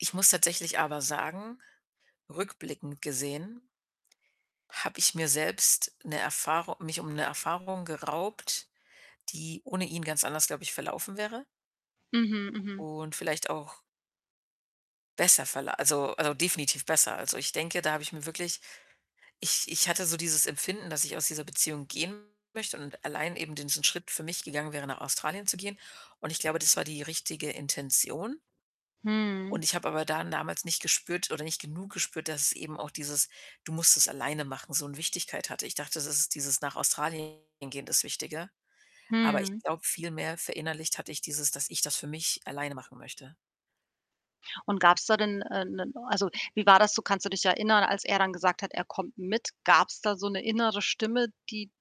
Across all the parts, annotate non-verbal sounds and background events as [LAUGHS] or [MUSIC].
Ich muss tatsächlich aber sagen, rückblickend gesehen habe ich mir selbst 'ne Erfahru mich um 'ne Erfahrung geraubt, die ohne ihn ganz anders, glaube ich, verlaufen wäre Mhm, mhm. und vielleicht auch besser verla also, äh, definitiv besser. Also, ich denke, da habe ich mir wirklich ich ich hatte so dieses Empfinden, dass ich aus dieser Beziehung gehen möchte und allein eben diesen Schritt für mich gegangen wäre, nach Australien zu gehen und ich glaube, das war die richtige Intention. Und Mhm. ich habe aber dann damals nicht gespürt oder nicht genug gespürt, dass es eben auch dieses: „Du musst es alleine machen” so 'ne Wichtigkeit hatte. Ich dachte, das ist dieses „nach Australien gehen” das Wichtige, aber ich Mhm. glaube, viel mehr verinnerlicht hatte ich dieses dass ich das für mich alleine machen möchte. Und gab's da denn, äh, 'nen also, wie war das so, kannst du dich erinnern, als er dann gesagt hat, er kommt mit? Gab's da so 'ne innere Stimme, die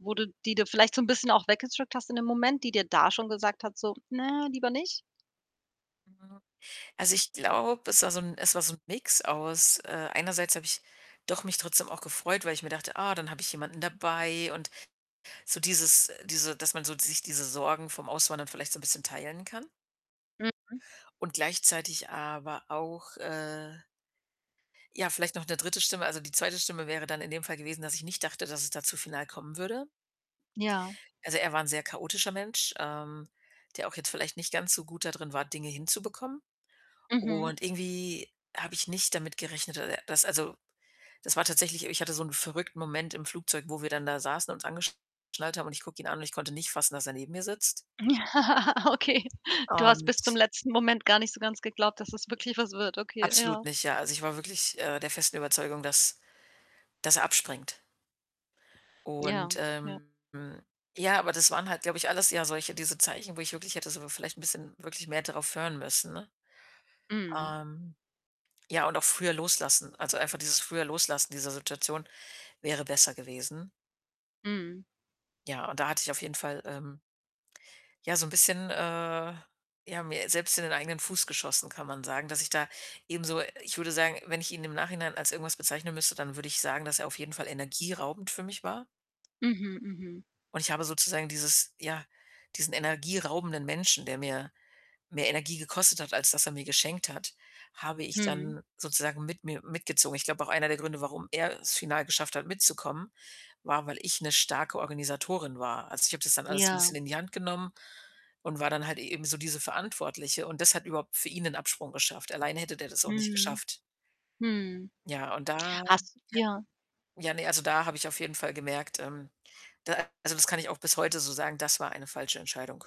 wo du die du vielleicht so 'n bisschen auch weggedrückt hast in dem Moment, die dir da schon gesagt hat so: „Ne, lieber nicht?“ Mhm. Also, ich glaube, es war so 'n es war so 'n Mix aus, äh einerseits habe ich doch mich trotzdem auch gefreut, weil ich mir dachte, ah, dann habe ich jemanden dabei und so dieses diese dass man so sich diese Sorgen vom Auswandern vielleicht so 'n bisschen teilen kann. Mhm. Und gleichzeitig aber auch, äh ja, vielleicht noch 'ne 3. Stimme. Also, die 2. Stimme wäre dann in dem Fall gewesen, dass ich nicht dachte, dass es da zu final kommen würde. Ja. Also, er war 'n sehr chaotischer Mensch, ähm, der auch jetzt vielleicht nicht ganz so gut da drin war, Dinge hinzubekommen Mhm. und irgendwie habe ich nicht damit gerechnet, dass er dass also, das war tatsächlich ich hatte so 'n verrückten Moment im Flugzeug, wo wir dann da saßen, uns angeschnallt haben und ich gucke ihn an und ich konnte nicht fassen, dass er neben mir sitzt. [LAUGHS] Okay. Du hast bis zum Und letzten Moment gar nicht so ganz geglaubt, dass es wirklich was wird. Okay, Absolut ja. nicht, ja. Also, ich war, äh, wirklich der festen Überzeugung, dass dass er abspringt. Ja, Und, ja. ähm ja, aber das waren halt, glaube ich, alles ja solche diese Zeichen, wo ich wirklich hätte sogar vielleicht bisschen wirklich mehr darauf hören müssen, ne? Mhm. Ähm, ja, und auch früher loslassen, also, einfach dieses Früher-Loslassen dieser Situation wäre besser gewesen. Mhm. Ja, und da hatte ich auf jeden Fall, ähm, ja, so 'n bisschen, äh, ja, mir selbst in den eigenen Fuß geschossen, kann man sagen, dass ich da eben so ich würde sagen, wenn ich ihn im Nachhinein als irgendwas bezeichnen müsste, dann würde ich sagen, dass er auf jeden Fall energieraubend für mich war. Mhm, mhm. Und ich habe sozusagen dieses ja, diesen energieraubenden Menschen- der mir mehr Energie gekostet hat, als dass er mir geschenkt hat- habe ich Mhm. dann sozusagen mit mir mitgezogen. Ich glaube auch einer der Gründe, warum er es final geschafft hat mitzukommen, war, weil ich 'ne starke Organisatorin war. Also, ich habe das dann alles so 'n Ja. bisschen in die Hand genommen und war dann halt eben so diese Verantwortliche und das hat überhaupt für ihn den Absprung geschafft. Alleine hätte der das auch nicht Mhm. geschafft. Mhm. Ja, und da ja Hast ja. ja, ne, also, da habe ich auf jeden Fall gemerkt, ähm, da also, das kann ich auch bis heute so sagen, das war eine falsche Entscheidung.